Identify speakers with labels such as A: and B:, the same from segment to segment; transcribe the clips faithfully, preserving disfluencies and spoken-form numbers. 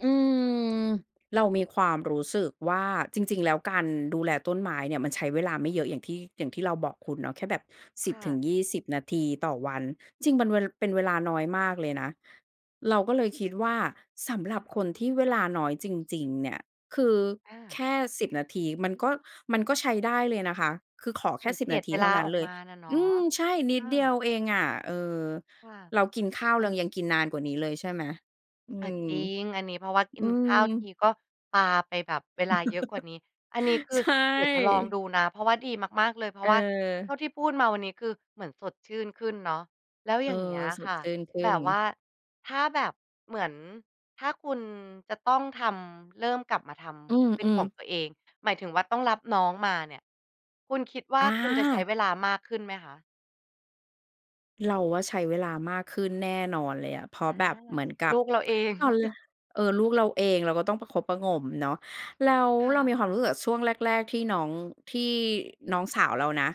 A: อืม เรามีความรู้สึกว่า จริง ๆ แล้วการดูแลต้นไม้เนี่ย มันใช้เวลาไม่เยอะอย่างที่ อย่างที่เราบอกคุณเนาะ แค่แบบ ส
B: ค
A: ิบ
B: ่
A: ถึ
B: ะ
A: งยี่สิบ นาทีต่อวัน จริงเป็น เป็นเวลาน้อยมากเลยนะ เราก็เลยคิดว่า สำหรับคนที่เวลาน้อยจริง ๆ เนี่ย คือ
B: อ
A: แค
B: า
A: ่ สิบ นาทีมันก็ มันก็ใช้ได้เลยนะคะ คือขอแ
B: เห
A: ค
B: มื
A: ่
B: อน
A: ส
B: เ
A: ิบ
B: กลี
A: น
B: ย
A: า
B: ด
A: ที
B: เว
A: เท
B: ล
A: ่า
B: า
A: นั้
B: อ
A: น
B: อก
A: เล
B: ม
A: ย
B: าน่ะเนาะ
A: อืม ใช่ น
B: เอ
A: ิดเดีย
B: อ
A: วเองอะ เออ
B: ค่ะ
A: เรากินข้าว
B: อั
A: เรา
B: น
A: ยังกินนานกว่านี้เลยใช่ไหม? อื
B: อ่า
A: ม
B: จริง อันนี้เพราะว่ากิ
A: อื
B: นข
A: ม
B: ้าวทีก็ปาไปแบบเวลาเยอะกว่านี้ อันนี้คื
A: ใ
B: อ
A: ช
B: เดี๋ยวจะลองด
A: ่
B: ูนะ เพราะว่าดีมาก ๆ เลย เพ
A: เ
B: ราะว่าเท
A: ออ
B: ่าที่พูดมาวันนี้ คือเหมือนสดชื่นขึ้นเนาะ แล้ว
A: เอ
B: อย
A: อ
B: ่างเงี้ย
A: ส
B: ค
A: ด
B: ่ะ
A: ชื่นขึ้
B: แบ
A: น
B: บว่า ถ้าแบบ เหมือน ถ้าคุณจะต้องทำ เริ่มกลับมาท
A: อ
B: ำเป็น
A: ื
B: ข
A: อ
B: อง
A: ๆ
B: ตัวเอง หมายถึงว่าต้องรับน้องมาเนี่ย คุณคิดว่
A: อ
B: าคุณจะใช้
A: า
B: เวลามากขึ้นไหมคะ?
A: เราว่าใช้เวลามากขึ้นแน่นอนเลยอะ เพรา
B: อ
A: ะ
B: า
A: แบบเหมือนกั
B: ล
A: บ
B: ูกเราเอง
A: ตอน ล เออ ลูกเราเองเราก็ต้องประคบประหงมเนาะ แล้ว
B: ค่
A: เรา
B: ะ
A: มีความรู้สึกกับช่วงแรกแรกที่น้อง ที่น้องสาวเรานะ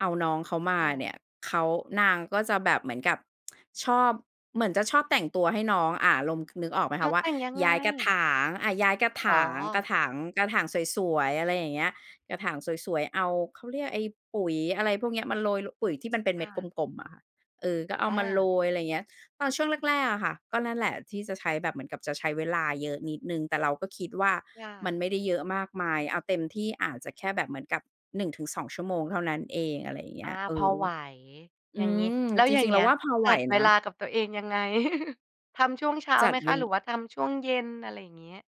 A: เอาน้องเขามา
B: ค่
A: เ
B: ะ
A: นี่ย เขา นางก็จะแบบเหมือนกับ ชอบ เหมือนจะชอบแต่งตัวให้น้อง อ่า ลม คือนึกออกไหม
B: แล
A: ค
B: ้
A: ะ
B: ว
A: ว่
B: แ
A: า
B: ต่งยัง
A: ย
B: ไง?
A: ้ายกระถาง อ่า ย้ายกระถ
B: อ๋
A: าง กระ
B: อ
A: ถาง กระถางสวย ๆ อะไรอย่างเงี้ย กระถางสวย ๆ เอา เขาเรียกไอ้ปุ๋ย อะไรพวกเนี้ยมาโรย ล ปุ๋ยที่ มันเป็นเ
B: ค
A: ม็
B: ่
A: ดก
B: ะ
A: ลม ๆ อะค่ะ เออ ก็เอา
B: อ
A: มาโร
B: า
A: ย อะไรอย่างเงี้ย ตอนช่วงแรก ๆ อะค่ะ ก็นั่นแหละ ที่จะใช้ แบบเหมือนกับจะใช้เวลาเยอะนิดหนึ่ง แต่เราก็คิดว่า
B: ค่
A: มั
B: ะ
A: นไม่ได้เยอะมากมาย เอาเต็มที่อาจจะแค่แบบเหมือนกับ หนึ่งถึงสอง ชั่วโมงเท่านั้นเอง อะไรอย่างเง
B: อ
A: ี้
B: า
A: ย เอ
B: พอ
A: อ
B: ไหว
A: อ
B: อย่
A: ื
B: างงี้
A: ม
B: แล้ว
A: จ
B: อย่
A: ร
B: า
A: ิ
B: ง
A: ง ๆ
B: เ
A: เ
B: ง
A: ร
B: ี
A: า
B: ้ย
A: ว่าพอไ
B: จ
A: หว
B: ัดเว
A: นะ
B: ลากับตัวเองยังไง ทำช่วงเช้า
A: จั
B: ไห
A: ด
B: ม
A: เ
B: ค
A: ว
B: ะ หรือว่าทำช่วงเย็น? อะไรอย่างเงี้ย